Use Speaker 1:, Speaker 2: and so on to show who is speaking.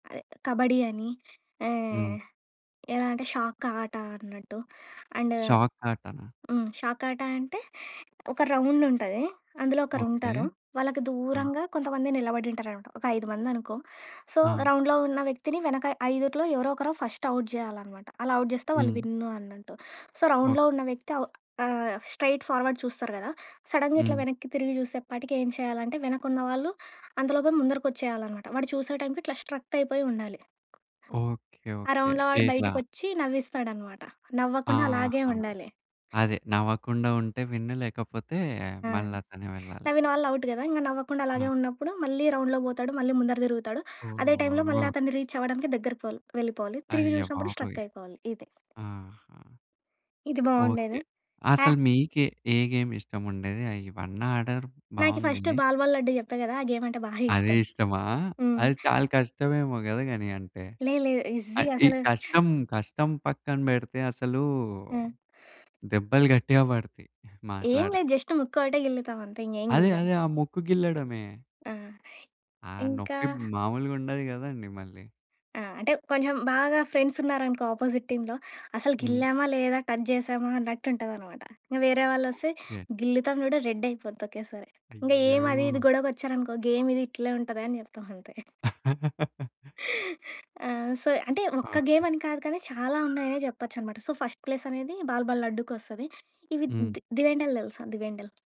Speaker 1: అదే కబడ్డీ అని.
Speaker 2: హ్మ్.
Speaker 1: ఆహ్, ఎలా అంటే షాక్ ఆట అన్నట్టు. అండ్
Speaker 2: షాక్ ఆటన?
Speaker 1: హ్మ్. షాకాటా అంటే, ఒక రౌండ్ ఉంటది. అందులో
Speaker 2: ఓకే.
Speaker 1: ఒకరుంటారు. వాళ్ళకి
Speaker 2: ఆ!
Speaker 1: దూరంగా కొంతమంది నిలబడి ఉంటారనమాట. ఒక ఐదు మంది అనుకో. సో,
Speaker 2: ఆ!
Speaker 1: రౌండ్‌లో ఉన్న వ్యక్తిని, వెనక ఐదుట్లో ఎవరో ఒకరు ఫస్ట్ ఔట్ జెయాలనమాట. అలా ఔట్ జెస్తే వాళ్ళు
Speaker 2: హ్మ్.
Speaker 1: విన్ను అన్నట్టు. సో, రౌండ్‌లో
Speaker 2: ఓకే.
Speaker 1: ఉన్న వ్యక్తి ఔ ఆహ్, స్ట్రెయిట్ ఫార్వర్డ్ చూస్తారు గదా! సడన్‌‌గా ఇట్ల
Speaker 2: హ్మ్.
Speaker 1: వెనక్కి తిరిగి జూసేపాటికి ఏం చేయాలంటే, వెనకున్న వాళ్ళు అందులోపె ముందరికొచ్చేయాలనమాట. వాడు చూసే టైమ్‌కీ ఇట్లా స్ట్రక్ట్ అయిపోయి ఉండాలి.
Speaker 2: ఓకే,
Speaker 1: ఆ
Speaker 2: ఓకే.
Speaker 1: రౌండ్‌లో వాడు
Speaker 2: ఎట్లా?
Speaker 1: బయటకొచ్చి నవ్విస్తాడనమాట. నవ్వకుండా అలాగే
Speaker 2: ఆహా!
Speaker 1: ఉండాలి.
Speaker 2: అదే నవ్వకుండా ఉంటే విన్ను. లేకపోతే
Speaker 1: ఆ!
Speaker 2: మళ్ళాతనే వెళ్ళాలి.
Speaker 1: నవ్విన వాళ్ళు ఔట్ గదా! ఇంగ నవ్వకుండా
Speaker 2: ఆ!
Speaker 1: అలాగే ఉన్నప్పుడు, మళ్ళీ రౌండ్‌లోకి బోతాడు. మళ్ళీ ముందర తిరుగుతడు. అదే టైమ్‌లో మళ్ళ
Speaker 2: ఓహో!
Speaker 1: అతన్ని రీచ్ అవ్వడానికి దగ్గరక్పోవాలి వెళ్ళిపోవాలి. తిరిగి జూశ్నప్పుడు
Speaker 2: అయ్యబాబోయ్!
Speaker 1: స్ట్రక్ అయిపోవాలి. ఇదే.
Speaker 2: ఆహా!
Speaker 1: ఇది
Speaker 2: ఓకే.
Speaker 1: బాగుండేది. ఆ!
Speaker 2: అసలు మీకె ఏ గేమ్ ఇష్టం ఉండేది. అయ్యి ఇవన్నాడారు
Speaker 1: నాకి
Speaker 2: బాగుంది.
Speaker 1: ఫస్ట్ బాల్ బాల్ లడ్డు జెప్పా గదా! ఆ గేమ్ అంటే బాగా
Speaker 2: అదె
Speaker 1: ఇష్టం.
Speaker 2: ఇష్టమా?
Speaker 1: హ్మ్.
Speaker 2: అది చాలా కష్టమేమో గదా గని అంటే.
Speaker 1: లే లే.
Speaker 2: అ
Speaker 1: ఈజీ
Speaker 2: ఈ
Speaker 1: అసలు.
Speaker 2: కష్టం, కష్టం పక్కన బెడితే అసలు,
Speaker 1: ఆ!
Speaker 2: దెబ్బలు గట్టిగా బడతాయి.
Speaker 1: ఏం లేదు.
Speaker 2: మాట్లాడితే.
Speaker 1: జస్ట్ ముక్కొకటే గిల్లుతాం అంతే. ఇంగ ఏం
Speaker 2: అదే
Speaker 1: గిల్లం.
Speaker 2: అదే ఆ ముక్కు గిల్లడమే.
Speaker 1: ఆ!
Speaker 2: ఆ!
Speaker 1: ఇంకా
Speaker 2: నొప్పి మాములుగా ఉండదు గదండీ మళ్ళీ.
Speaker 1: ఆ! అంటే కొంచెం బాగా ఫ్రెండ్సున్నారనుకో అపోజిట్ టీమ్‌లొ, అసలు
Speaker 2: హ్మ్.
Speaker 1: గిల్లామా లేదా? టజ్ జెశామా అన్నట్టుంటదనమాట. ఇగ వేరే వాళ్ళోస్తే
Speaker 2: ఓకే.
Speaker 1: గిల్లుతాము చూడు రెడ్ అయిపోద్ది ఒకేసారి. ఇంగ
Speaker 2: అయ్యో!
Speaker 1: ఏం అది ఇది గొడవకొచ్చారనుకో గేమ్ ఇది ఇట్లే ఉంటది అని చెప్తాం అంతే. ఆ! సో, అంటే ఒక్క
Speaker 2: ఓకే.
Speaker 1: గేమ్ అని కాదు కానీ, చాలా ఉన్నాయనే జెప్పొచ్చు అనమాట. సో, ఫస్ట్ ప్లేస్ అనేది బాల్ బాల్ లడ్డుకొస్తది. ఇవి
Speaker 2: హ్మ్.
Speaker 1: ది దివెండల్ తెలుసా దివెండల్?